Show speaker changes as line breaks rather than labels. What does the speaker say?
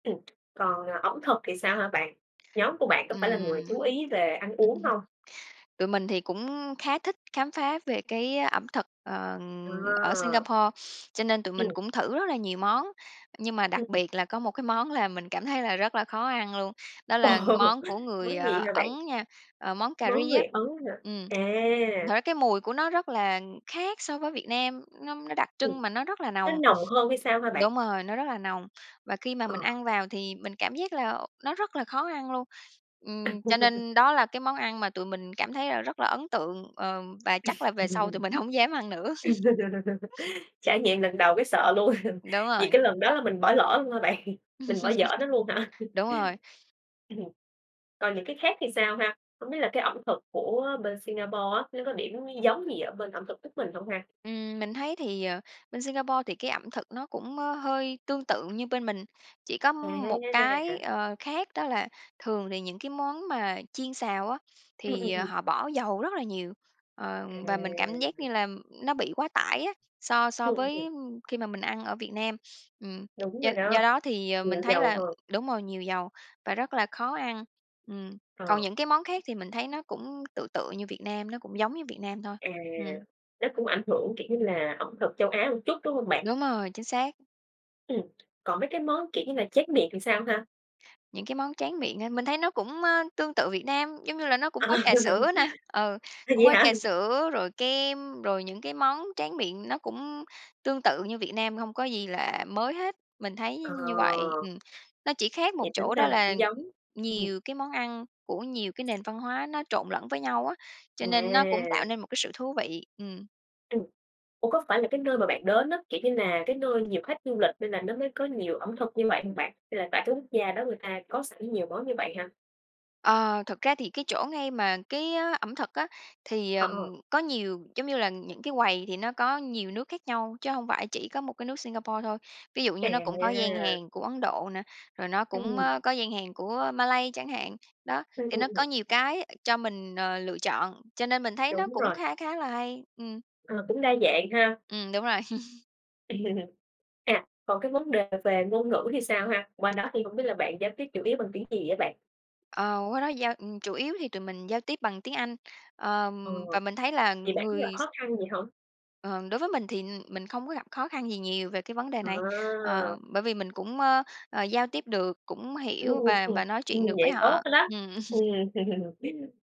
Ừ, còn, ờ, ẩm thực thì sao hả bạn? Nhóm của bạn có phải là người
Ừm.
chú ý về ăn uống hông?
Tụi mình thì cũng khá thích khám phá về cái ẩm thực, ờ,
Ờ.
ở Singapore, cho nên tụi mình
Ừ.
cũng thử rất là nhiều món, nhưng mà đặc
Ừm.
biệt là có một cái món làm mình cảm thấy là rất là khó ăn luôn, đó
Ồ!
là món của người
Món gì hả bạn?
Ấn nha, ờ, món cà
Món
ri
người
á.
Ấn hả?
Ừm, thật
À.
ra cái mùi của nó rất là khác so với Việt Nam, nó nó đặc
Ừm,
trưng mà nó rất là
nó
nồng
nồng hơn hay sao hả bạn?
đúng rồi, nó rất là nồng, và khi mà mình
Ờ.
ăn vào thì mình cảm giác là nó rất là khó ăn luôn. Ừm, cho nên đó là cái món ăn mà tụi mình cảm thấy là rất là ấn tượng, ờ, và chắc là về sau tụi mình hổng dám ăn nữa.
Trải nghiệm lần đầu cái sợ luôn,
Đúng
vì
rồi.
cái lần đó là mình bỏ lỡ luôn hả bạn, mình bỏ dở nó luôn hả?
Đúng rồi.
Ừm, còn những cái khác thì sao ha? Hổng biết là, cái ẩm thực của bên Singapore á nó có điểm giống gì ở bên ẩm thực nước mình hông ha?
Ừm, mình thấy thì ờ, bên Singapore thì cái ẩm thực nó cũng, ơ, hơi tương tự như bên mình, chỉ có một cái,
A!
ờ, khác đó là thường thì những cái món mà chiên xào á
Ừm, ừm,
thì
ừm.
họ bỏ dầu rất là nhiều, ờ, và mình cảm giác
À.
như là nó bị quá tải á, so so
Ừm, ừm,
với,
ừm.
ưm, khi mà mình ăn ở Việt Nam. Ừm,
Đúng
do
rồi
do
đó,
đó thì
nhiều
mình thấy
dầu
là
hơn.
đúng rồi, nhiều dầu và rất là khó ăn, ừm,
Ờ.
còn những cái món khác thì mình thấy nó cũng tựa tựa như Việt Nam, nó cũng giống như Việt Nam thôi,
À!
ừm.
Nó cũng ảnh hưởng, kiểu như là, ẩm thực Châu Á một chút, đúng hông bạn?
Đúng rồi, chính xác.
Ừm, còn mấy cái món, kiểu như là, tráng miệng thì sao ha?
Những cái món tráng miệng á, mình thấy nó cũng ơ, tương tự Việt Nam, giống như là nó
À.
cũng có trà sữa nè ừ,
Ừ,
cũng
Vậy
có
hả?
trà sữa, rồi kem, rồi những cái món tráng miệng nó cũng tương tự như Việt Nam, hông có gì là mới hết, mình thấy
Ờ.
như vậy. Ừm, nó chỉ khác một
Vậy tính
chỗ
ra
đó
là
là
cũng giống, ừm.
nhiều cái món ăn của nhiều cái nền văn hóa nó trộn lẫn với nhau á, cho nên nó cũng tạo
À.
nên một cái sự thú vị, ừm.
Ừm. Ủa, có phải là cái nơi mà bạn đến á, kiểu như là, cái nơi nhiều khách du lịch nên là nó mới có nhiều ẩm thực như vậy hông bạn? Hay là tại cái quốc gia đó người ta có sẵn nhiều món như vậy ha?
Ờ, thực ra thì cái chỗ ngay mà cái, ơ, ẩm thực á, thì
Ờ.
ờm, có nhiều giống như là những cái quầy thì nó có nhiều nước khác nhau, chứ hông phải chỉ có một cái nước Singapore thôi. Ví dụ như nó cũng có gian
À!
hàng của Ấn Độ nè, rồi nó cũng,
Ừm.
ơ, có gian hàng của Malay chẳng hạn. Đó,
Ừm,
thì
ừm,
nó có
ừm.
nhiều cái cho mình, ờ, lựa chọn cho nên mình thấy nó
Đúng
cũng
rồi.
khá khá là hay, ừm.
Ờ, cũng đa dạng ha.
Ừm, đúng rồi.
À, còn cái vấn đề về ngôn ngữ thì sao ha? Qua đó thì hông biết là bạn giao tiếp chủ yếu bằng tiếng gì á bạn?
Ờ, qua đó giao ừ, chủ yếu thì tụi mình giao tiếp bằng tiếng Anh, ờ,
Ờ,
và mình thấy là
vậy bạn có gặp
người s
khó khăn gì hông?
Ờ, đối với mình thì mình không có gặp khó khăn gì nhiều về cái vấn đề này, ờ,
À.
bởi vì mình cũng ơ, ờ, giao tiếp được, cũng
Ừm,
hiểu
ừm,
và
ừm,
và nói
ừm,
chuyện được với
vậy tốt
họ,
lắm,
ừm.
ừm.